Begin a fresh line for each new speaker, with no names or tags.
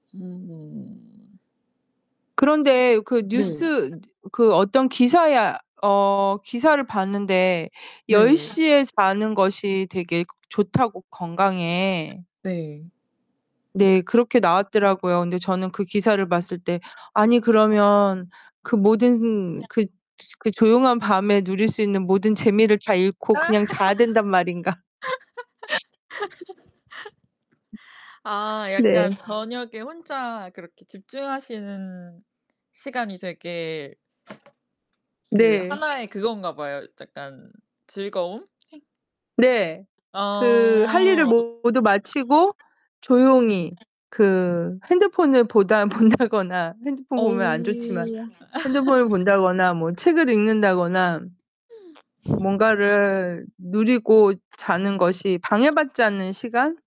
음.
그런데 그
네.
뉴스 그 어떤 기사야 어 기사를 봤는데 열
네.
시 에 자는 것이 되게 좋다고 건강에.
네.
네 그렇게 나왔더라고요. 근데 저는 그 기사를
[unintelligible]
봤을 때 '아니 그러면 그 모든 그 그 조용한 밤에 누릴 수 있는 모든 재미를 다 잃고 그냥 자야 된단 말인가?'
아 약간
네.
저녁에 혼자 그렇게 집중하시는 시간이 되게 그
네.
하나의 그건가 봐요. 약간 즐거움?
네. 그 할 일을
어.
모두 마치고 조용히 그 핸드폰을 보다 본다거나 핸드폰
어.
보면 안 좋지만 핸드폰을 본다거나 뭐 책을 읽는다거나 뭔가를 누리고 자는 것이 방해받지 않는 시간?